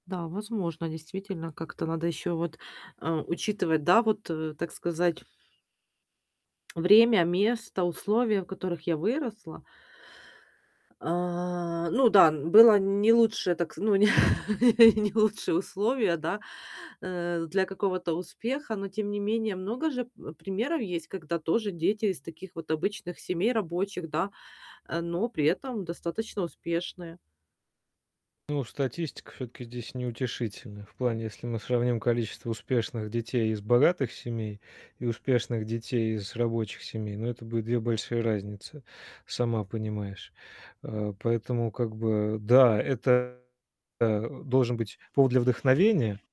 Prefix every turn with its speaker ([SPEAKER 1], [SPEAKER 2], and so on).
[SPEAKER 1] Да, возможно, действительно как-то надо ещё вот, а, учитывать, да, вот, э, так сказать время, место, условия, в которых я выросла. А, ну да, н было не лучше, так, ну, не не лучшие условия, да, э, для какого-то успеха, но тем не менее, много же, вэп примеров есть, когда тоже дети из таких вот обычных семей, рабочих, да, а, но при этом достаточно успешные.
[SPEAKER 2] Ну, статистика всё-таки здесь неутешительная. В плане, если мы сравним количество успешных детей из богатых семей и успешных детей из рабочих семей, ну, это будет 2 большие разницы, сама понимаешь. А, поэтому, как бы, да, это, а, должен быть повод для вдохновения.